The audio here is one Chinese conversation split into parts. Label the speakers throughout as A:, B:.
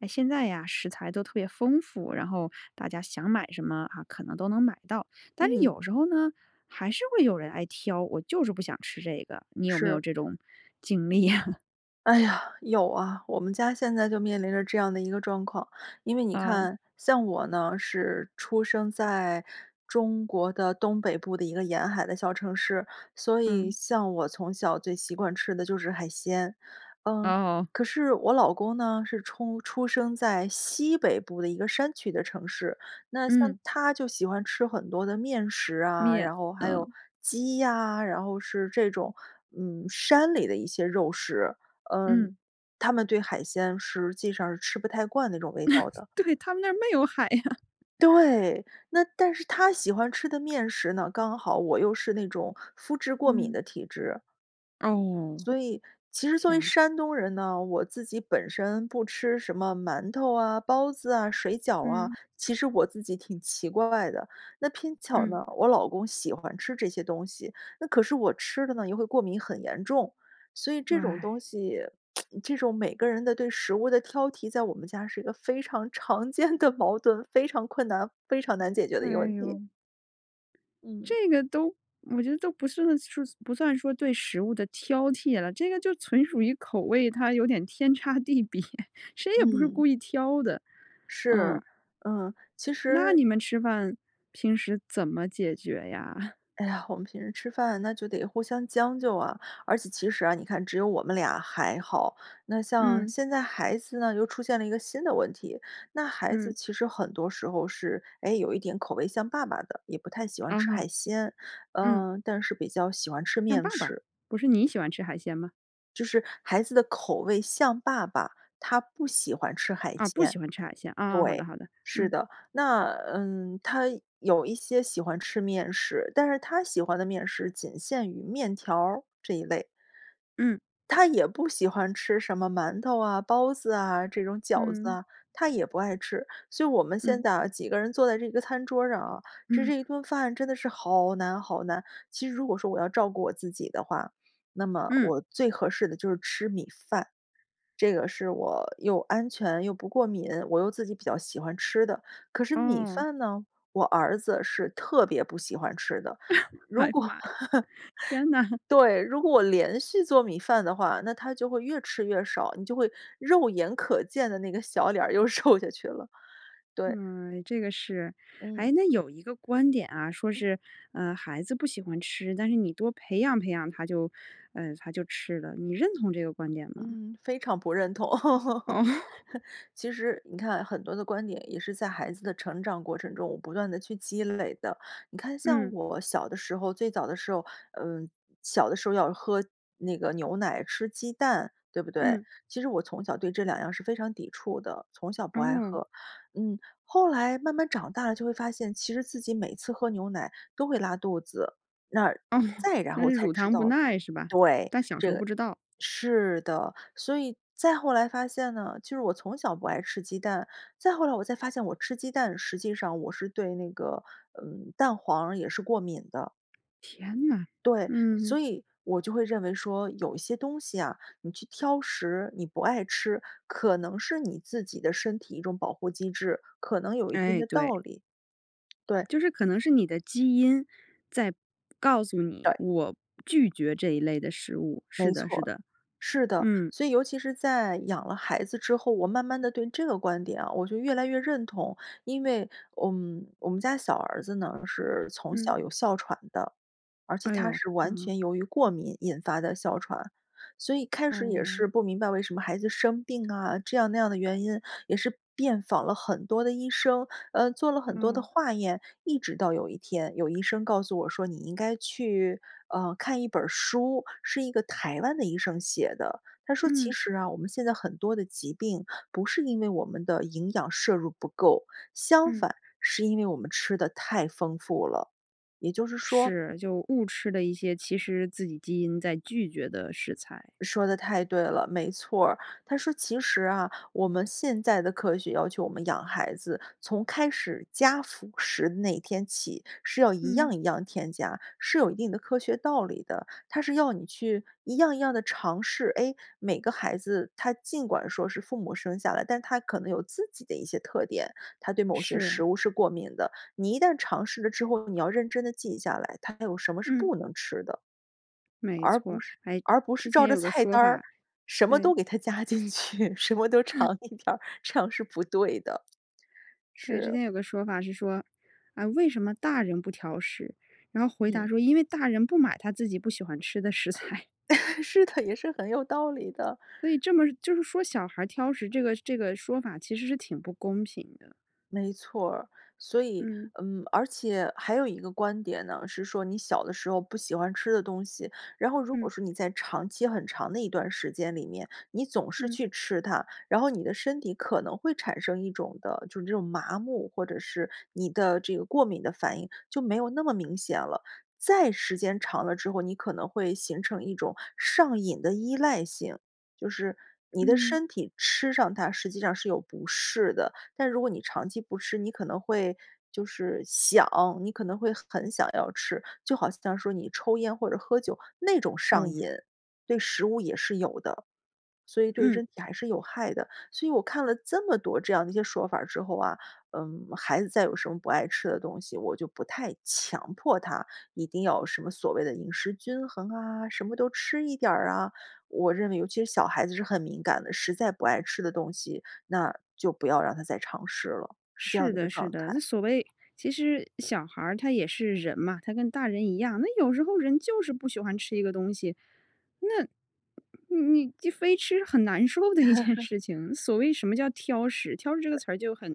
A: 诶，现在呀，食材都特别丰富，然后大家想买什么啊，可能都能买到。但是
B: 嗯。
A: 有时候呢，还是会有人爱挑：“我就是不想吃这个。”你有没有
B: 是。
A: 这种经历呀？
B: 哎呀，有啊，我们家现在就面临着这样的一个状况。因为你
A: 嗯。
B: 看，像我呢，是出生在，中国的东北部的一个沿海的小城市，所以
A: 嗯。
B: 像我从小最习惯吃的就是海鲜。嗯，
A: 哦。
B: 可是我老公呢，是出出生在西北部的一个山区的城市。那像
A: 嗯。
B: 他就喜欢吃很多的面食啊，
A: 面，
B: 然后还有
A: 嗯。
B: 鸡呀，然后是这种，嗯，山里的一些肉食。嗯，
A: 嗯。
B: 他们对海鲜，实际上是吃不太惯那种味道 的。
A: 对，他们那儿没有海呀。
B: 对，那但是他喜欢吃的面食呢刚好我又是那种麸质过敏
A: 嗯。
B: 的体质。
A: 哦，
B: 所以，其实作为
A: 天呐。
B: 山东人呢，我自己本身不吃什么馒头啊、包子啊、水饺啊，
A: 嗯。
B: 其实我自己挺奇怪的。那偏巧
A: 嗯。
B: 呢，我老公喜欢吃这些东西，那可是我吃的呢，又会过敏很严重。所以这种
A: 唉。
B: 东西，这种每个人的对食物的挑剔，在我们家是一个非常常见的矛盾，非常困难、非常难解决的一个
A: 哎
B: 问
A: 呦。
B: 题。嗯。
A: 这个都我觉得都不算是不算说对食物的挑剔了。这个就纯属于口味，它有点天差地别，谁也不是
B: 嗯。
A: 故意挑的。嗯。
B: 是。嗯，其
A: 那
B: 实
A: 你们吃饭，平时怎么解决呀？
B: 哎呀，我们平时吃饭那就得互相将就啊。而且其实啊，你看只有我们俩还好，那像
A: 嗯。
B: 现在孩子呢，又出现了一个新的问题。那孩子
A: 嗯。
B: 其实很多时候是，哎，有一点口味像爸爸的，也不太喜欢
A: 嗯
B: 吃海
A: 哼。
B: 鲜，
A: 嗯。
B: 嗯，但是比较喜欢吃
A: 像
B: 面
A: 爸爸，
B: 食。
A: 不是你喜欢吃海鲜吗？
B: 就是孩子的口味像爸爸，他不喜欢吃海
A: 啊，不
B: 鲜，对，
A: 喜欢吃海鲜。啊，好的好的，
B: 是
A: 嗯。
B: 的。那，嗯，他有一些喜欢吃面食，但是他喜欢的面食仅限于面条儿这一类。
A: 嗯。
B: 他也不喜欢吃什么馒头啊、包子啊、这种饺子
A: 嗯。
B: 啊，他也不爱吃。所以我们现
A: 嗯。
B: 在啊，几个人坐在这个餐桌上啊，吃
A: 嗯。
B: 这一顿饭真的是好难好难。其实如果说我要照顾我自己的话，那么
A: 嗯。
B: 我最合适的就是吃米饭，这个是我又安全、又不过敏，我又自己比较喜欢吃的。可是米
A: 哦。
B: 饭呢，我儿子是特别不喜欢吃的。如
A: 哎
B: 如
A: 呀
B: 果
A: 妈呀，天哪。
B: 对，如果我连续做米饭的话，那他就会越吃越少，你就会肉眼可见的那个小脸儿又瘦下去了，对。
A: 哎，这个是。
B: 嗯。
A: 诶，那有一个观点啊，说是，呃，孩子不喜欢吃，但是你多培养培养他就，呃，他就吃了，你认同这个观点吗？
B: 嗯，非常不认同。
A: 哦。
B: 其实你看很多的观点也是在孩子的成长过程中，我不断地去积累的。你看像
A: 嗯。
B: 我小的时候，最早的时候，嗯，小的时候要喝那个牛奶、吃鸡蛋，对不对？
A: 嗯。
B: 其实我从小对这两样儿是非常抵触的，从小不爱
A: 哦。
B: 喝。嗯，后来慢慢长大了就会发现，其实自己每次喝牛奶都会拉肚子，那
A: 哦，
B: 再然
A: 那
B: 后
A: 是
B: 才
A: 乳
B: 知
A: 糖不
B: 道
A: 耐是吧？
B: 对，
A: 但小时
B: 这
A: 候
B: 个
A: 不知道。
B: 是的。所以再后来发现呢，其实我从小不爱吃鸡蛋。再后来我才发现我吃鸡蛋，实际上我是对那个，嗯，蛋黄儿也是过敏的。
A: 天哪，
B: 对，
A: 嗯。
B: 所以我就会认为说，有一些东西啊，你去挑食、你不爱吃，可能是你自己的身体一种保护机制，可能有一定
A: 哎，
B: 的
A: 对。
B: 道理，对。
A: 就是可能是你的基因在告诉你，
B: 对。
A: 我拒绝这一类的食物，是
B: 没
A: 的
B: 错
A: 是
B: 儿，
A: 的。
B: 是的。
A: 嗯。
B: 所以尤其是在养了孩子之后，我慢慢地对这个观点啊，我就越来越认同。因为，嗯，我们家小儿子呢是从
A: 嗯。
B: 小有哮喘的，而且
A: 哎
B: 他
A: 哟，
B: 是
A: 嗯
B: 完
A: 哼。
B: 全由于过敏引发的哮喘。所以开始也
A: 哦。
B: 是不明白为什么孩子生病啊，这样那样的原因，也是遍访了很多的医生，呃，做了很多的
A: 哦。
B: 化验。一直到有一天，有医生告诉我说，你应该去，呃，看一本儿书，是一个台湾的医生写的。他说其
A: 嗯。
B: 实啊，我们现在很多的疾病不是因为我们的营养摄入不够，相
A: 嗯。
B: 反，是因为我们吃得太丰富了，也就是说
A: 是，就误吃了一些其实自己基因在拒绝的食材。
B: 说得太对了，没错儿。他说其实啊，我们现在的科学要求我们养孩子，从开始加辅食的那天起，是要一
A: 嗯。
B: 样一样添加，是有一定的科学道理的，它是要你去一样一样地尝试。哎，每个孩子他尽管说是父母生下来，但他可能有自己的一些特点，他对某些
A: 是。
B: 食物是过敏的。你一旦尝试了之后，你要认真地记下来，他有什么是
A: 嗯。
B: 不能吃的。
A: 没
B: 而
A: 错
B: 不
A: 儿，
B: 是
A: 哎，
B: 而不是
A: 之
B: 照
A: 前
B: 着
A: 有个
B: 菜
A: 说
B: 单儿，
A: 法
B: 什么
A: 对。
B: 都给他加进去，什么都 尝一点儿，这样是不对的。
A: 对，
B: 是。
A: 之前有个说法是说，啊，为什么大人不挑食？然后回
B: 嗯。
A: 答说因为大人不买他自己不喜欢吃的食材。
B: 是的，也是很有道理的。
A: 所以这么就是说小孩儿挑食这个这个说法其实是挺不公平的。
B: 没错儿。所以
A: 嗯。
B: 嗯，而且还有一个观点呢，是说你小的时候不喜欢吃的东西，然后如果
A: 嗯。
B: 说你在长期很长的一段时间里面，你总是
A: 嗯。
B: 去吃它，然后你的身体可能会产生一种的就是这种麻木，或者是你的这个过敏的反应，就没有那么明显了。再时间长了之后，你可能会形成一种上瘾的依赖性，就是你的
A: 嗯。
B: 身体吃上它实际上是有不适的，但如果你长期不吃，你可能会就是想，你可能会很想要吃。就好像说你抽烟或者喝酒那种上瘾，
A: 哦。
B: 对食物也是有的，所以对
A: 嗯。
B: 身体还是有害的。所以我看了这么多这样的一些说法儿之后啊，嗯，孩子再有什么不爱吃的东西，我就不太强迫他一定要有什么所谓的饮食均衡啊、什么都吃一点儿啊。我认为尤其是小孩子是很敏感的，实在不爱吃的东西，那就不要让他再尝试了，是这样
A: 是
B: 的一个
A: 的是
B: 状
A: 的，这
B: 态。
A: 所谓其实小孩儿他也是人嘛，他跟大人一样，那有时候人就是不喜欢吃一个东西，那你你非吃是很难受的一件 事情。所谓什么叫挑食，挑食这个
B: 对。
A: 词儿就很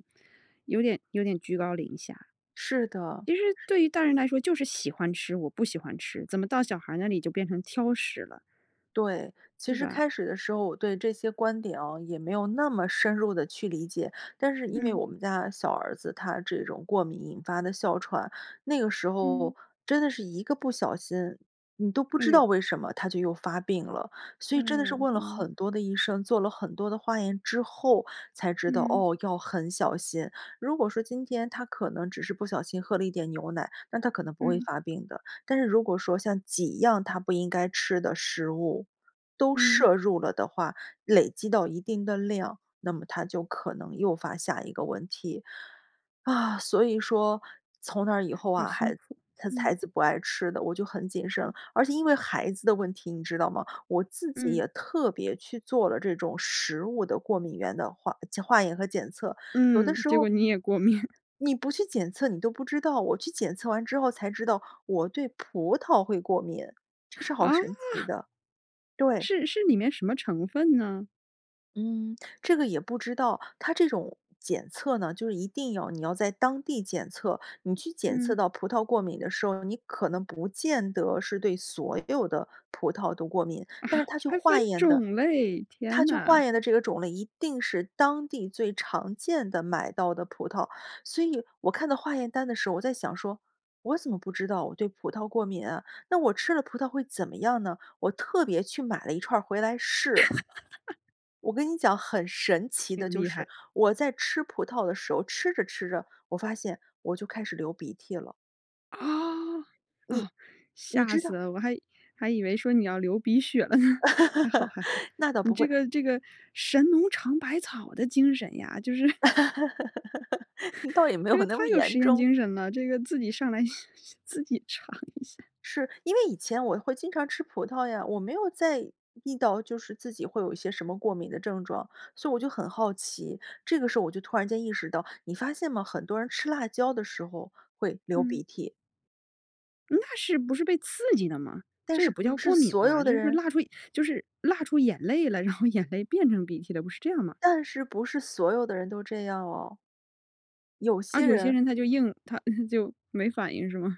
A: 有点有点居高临下。
B: 是的。
A: 其实对于大人来说就是喜欢吃、我不喜欢吃，怎么到小孩儿那里就变成挑食了？
B: 对，其
A: 对
B: 实
A: 吧？
B: 开始的时候我对这些观点啊，也没有那么深入地去理解。但是因为
A: 嗯。
B: 我们家小儿子他这种过敏引发的哮喘，那个时候
A: 嗯。
B: 真的是一个不小心，你都不
A: 哎
B: 知道
A: 呦。
B: 为什么他就又发病了。所
A: 哎
B: 以真的是
A: 呦。
B: 问了
A: 嗯。
B: 很多的医生、做了很多的化验之后才知道，
A: 嗯。
B: 哦，要很小心。如果说今天他可能只是不小心喝了一点牛奶，但他可能不会
A: 嗯。
B: 发病的。但是如果说像几样他不应该吃的食物都
A: 嗯。
B: 摄入了的话，累积到一定的量，那么他就可能诱发下一个问题。啊，所以说从那以后
A: 好
B: 啊，
A: 辛
B: 孩子
A: 苦。
B: 他孩
A: 嗯。
B: 子不爱吃的，我就很谨慎。而且因为孩子的问题，你知道吗，我自己
A: 嗯。
B: 也特别去做了这种食物的过敏原的化检化验和检测，有的
A: 嗯，
B: 时
A: 结果
B: 候
A: 你也过敏。
B: 你不去检测你都不知道。我去检测完之后才知道，我对葡萄会过敏。这是好
A: 啊？
B: 神奇的，对。
A: 是是里面什么成分呢？
B: 嗯，这个也不知道。它这种检测呢，就是一定要你要在当地检测，你去检测
A: 嗯。
B: 到葡萄过敏的时候，你可能不见得是对所有的葡萄都过敏。
A: 啊，
B: 但是他去
A: 还分
B: 化验的
A: 种类，
B: 他
A: 天
B: 去
A: 呐。
B: 化验的这个种类，一定是当地最常见的，买到的葡萄。所以，我看到化验单的时候我在想说：“我怎么不知道我对葡萄过敏啊，那我吃了葡萄会怎么样呢？”我特别去买了一串儿回来试。我跟你讲很神奇的
A: 挺
B: 就
A: 厉害。
B: 是，我在吃葡萄的时候吃着吃着，我发现，我就开始流鼻涕了。
A: 啊，
B: 你
A: 哦。
B: 你
A: 吓
B: 知
A: 死
B: 道
A: 了我还还以为说你要流鼻血了呢。还好还好，
B: 那倒
A: 你
B: 不
A: 这
B: 会。
A: 个这个神农尝百草的精神呀，就是。
B: 倒也 没
A: 这
B: 有
A: 个
B: 那
A: 太
B: 么
A: 有
B: 严
A: 实验
B: 重。
A: 精神了，这个自己上来自己尝一下。
B: 是，因为以前我会经常吃葡萄呀。我没有在意到，就是自己会有一些什么过敏的症状，所以我就很好奇，这个时候我就突然间意识到你发现吗？很多人吃辣椒的时候，会流
A: 嗯。
B: 鼻涕。
A: 那是不是被刺激的吗？
B: 但
A: 这
B: 是
A: 也不
B: 不
A: 叫
B: 是
A: 过敏
B: 所
A: 吧，
B: 有的
A: 就是
B: 人
A: 辣出就是辣出眼泪了，然后眼泪变成鼻涕了，不是这样吗？
B: 但是不是所有的人都这样哦。有
A: 啊，
B: 些
A: 有些
B: 人
A: 人他就硬他，就没反应是吗？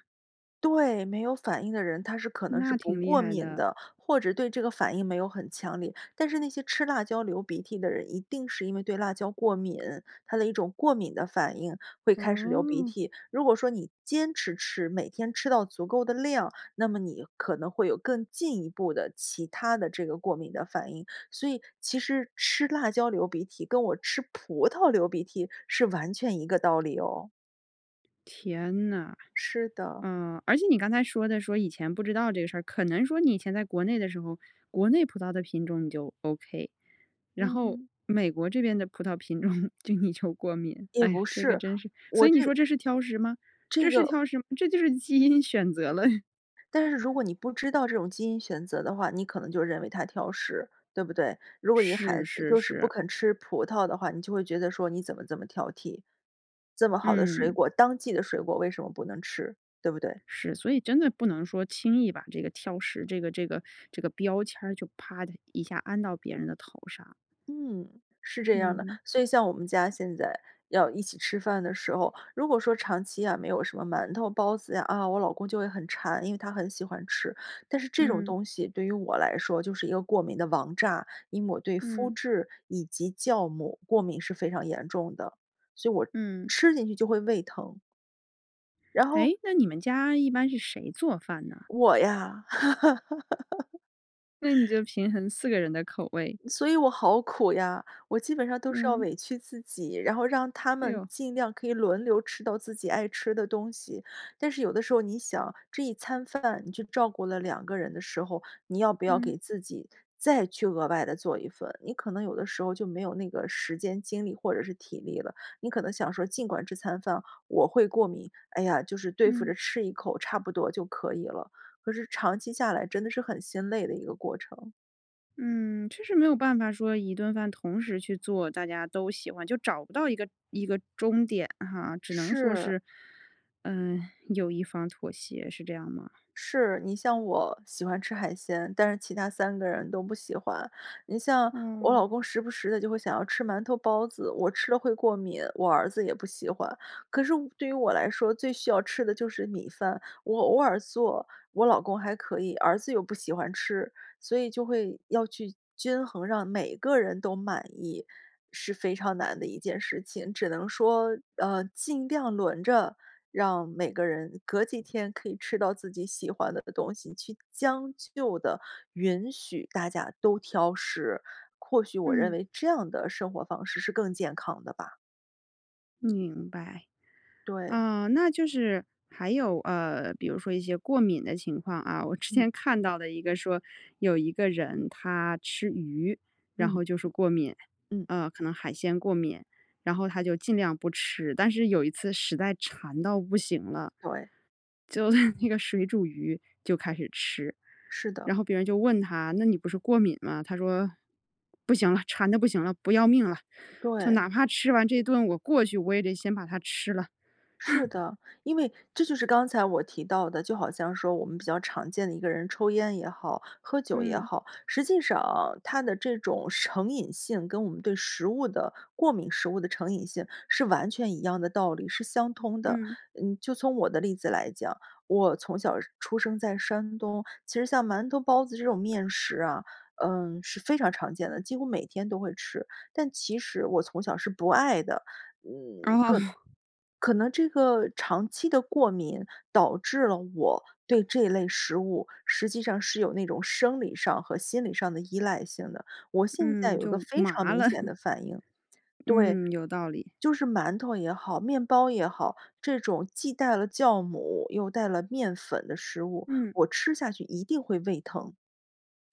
B: 对，没有反应的人他是可能是
A: 那
B: 不
A: 挺厉
B: 过
A: 害
B: 敏
A: 的。
B: 的，或者对这个反应没有很强烈。但是那些吃辣椒流鼻涕的人一定是因为对辣椒过敏，他的一种过敏的反应会开始流鼻
A: 哦。
B: 涕。如果说你坚持吃，每天吃到足够的量，那么你可能会有更进一步的其它的这个过敏的反应。所以其实吃辣椒流鼻涕跟我吃葡萄流鼻涕是完全一个道理哦。
A: 天哪，
B: 是的。
A: 呃，而且你刚才说的说以前不知道这个事儿，可能说你以前在国内的时候，国内葡萄的品种你就 OK，然后
B: 嗯。
A: 美国这边的葡萄品种就你就过敏。
B: 也
A: 哎呀，
B: 不
A: 这个
B: 是，
A: 真是，所
B: 我
A: 以你
B: 这
A: 说这是挑食吗？这
B: 这
A: 是
B: 个。
A: 挑食这就是基因选择了。
B: 但是如果你不知道这种基因选择的话，你可能就认为他挑食，对不对？如果一个孩
A: 是
B: 子
A: 是
B: 就是不
A: 是。
B: 肯吃葡萄的话，你就会觉得说：“你怎么这么挑剔，这么好的水
A: 嗯。
B: 果，当季的水果为什么不能吃？”对不对？
A: 是。所以真的不能说轻易把这个挑食这个这个这个标签儿就啪的一下安到别人的头上。
B: 嗯，是这样的。
A: 嗯。
B: 所以像我们家现在要一起吃饭的时候，如果说长期呀没有什么馒头包子呀，啊，我老公就会很馋，因为他很喜欢吃。但是这种
A: 嗯。
B: 东西对于我来说就是一个过敏的王炸，因为我对麸
A: 嗯。
B: 质以及酵母过敏是非常严重的，所以我
A: 嗯。
B: 吃进去就会胃疼。然后
A: 诶，那你们家一般是谁做饭呢？
B: 我呀！
A: 那你 就平衡4个人的口味。
B: 所以我好苦呀。我基本上都是要
A: 嗯。
B: 委屈自己，然后让他
A: 哎
B: 们
A: 呦。
B: 尽量可以轮流吃到自己爱吃的东西。但是有的时候你想，这一餐饭你就照顾了2个人的时候，你要不要
A: 嗯。
B: 给自己再去额外地做一份，你可能有的时候就没有那个时间、精力或者是体力了。你可能想说：“尽管这餐饭我会过敏，哎呀，就是对付着
A: 嗯。
B: 吃一口差不多就可以了。”可是长期下来真的是很心累的一个过程。
A: 嗯，确实没有办法说一顿饭同时去做大家都喜欢，就找不到一个一个中点哈。只能说
B: 是。
A: 是，嗯，有一方妥协，是这样吗？
B: 是，你像我喜欢吃海鲜，但是其他3个人都不喜欢。你像我
A: 嗯。
B: 老公时不时地就会想要吃馒头包子，我吃了会过敏，我儿子也不喜欢。可是我对于我来说，最需要吃的就是米饭，我偶尔做，我老公还可以，儿子又不喜欢吃，所以就会要去，均衡，让每个人都满意是非常难的一件事情。只能说，呃，尽量轮着，让每个人隔几天可以吃到自己喜欢的东西，去将就地允许大家都挑食。或许我认
A: 嗯。
B: 为这样的生活方式是更健康的吧。
A: 明白。
B: 对。
A: 呃，那就是还有，呃，比如说一些过敏的情况啊我之
B: 嗯。
A: 前看到的一个说，有一个人他吃鱼，然
B: 嗯。
A: 后就是过敏，
B: 嗯。
A: 呃可能海鲜过敏。然后他就尽量不吃。但是有一次实在馋到不行了，
B: 对。
A: 就那 那个水煮鱼就开始吃。
B: 是的。
A: 然后别人就问他：“那你不是过敏吗？”他说：“不行了，馋得不行了，不要命了，就
B: 对。
A: 哪怕吃完这一顿，我过去，我也得先把它吃了。”
B: 是 的。因为，这就是刚才我提到的，就好像说我们比较常见的，一个人抽烟也好，喝酒也
A: 嗯。
B: 好。实际上啊，他的这种成瘾性，跟我们对食物的过敏、食物的成瘾性是完全一样的道理，是相通的。
A: 嗯。
B: 嗯，就从我的例子来讲，我从小出生在山东，其实像馒头、包子这种面食啊，嗯，是非常常见的，几乎每天都会吃。但其实我从小是不爱的，嗯，
A: 哦。
B: 可可能这个长期的过敏，导致了我对这类食物，实际上是有那种生理上和心理上的依赖性的。我现在
A: 嗯，
B: 有个
A: 就
B: 非常
A: 麻
B: 明
A: 了。
B: 显 的反应对，
A: 嗯，有道理。
B: 就是馒头也好，面包也好，这种既带了酵母又带了面粉的食物，
A: 嗯。
B: 我吃下去一定会胃疼。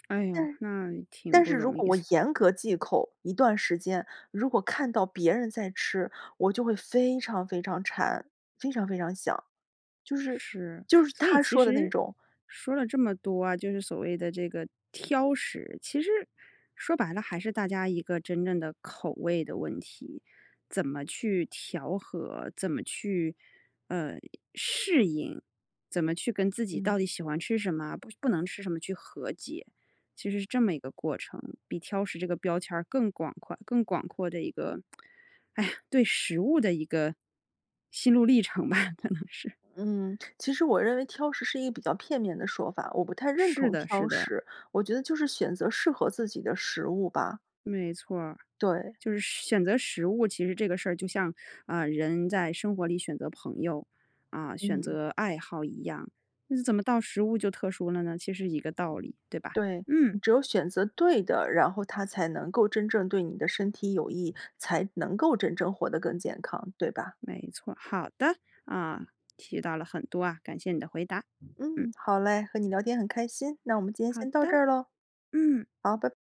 A: 哎哟，
B: 但
A: 那挺
B: 但
A: 不
B: 是如
A: 容易。
B: 果我严格忌口，一段时间，如果看到别人在吃，我就会非常非常馋，非常非常想，就是
A: 是，
B: 就是
A: 所以
B: 他
A: 其
B: 说的那
A: 实，
B: 种
A: 说了这么多啊，就是所谓的这个挑食，其实说白了还是大家一个真正的口味的问题。怎么去调和，怎么去，呃适应，怎么去跟自己到
B: 嗯。
A: 底喜欢吃什么，不不能吃什么去和解，其实是这么一个过程。比挑食这个标签儿更广夸更广阔的一个 哎呀，对食物的一个心路历程吧，可能是。
B: 嗯，其实我认为挑食是一比较片面的说法，我不太认
A: 是
B: 同
A: 的是
B: 挑
A: 的。
B: 食。我觉得就是选择适合自己的食物吧。
A: 没错儿，
B: 对。
A: 就是选择食物，其实这个事儿就像，呃，人在生活里选择朋友，啊，选
B: 嗯。
A: 择爱好一样，那怎么到食物就特殊了呢？其实一个道理，对吧？
B: 对，
A: 嗯。
B: 你只有选择对的，然后它才能够真正对你的身体有益，才能够真正活得更健康，对吧？
A: 没错，好的，啊，提到了很多啊，感谢你的回答。嗯。
B: 嗯，好叻，和你聊天很开心，那我们今天
A: 好
B: 先到这
A: 的。
B: 儿咯。
A: 嗯。
B: 好，拜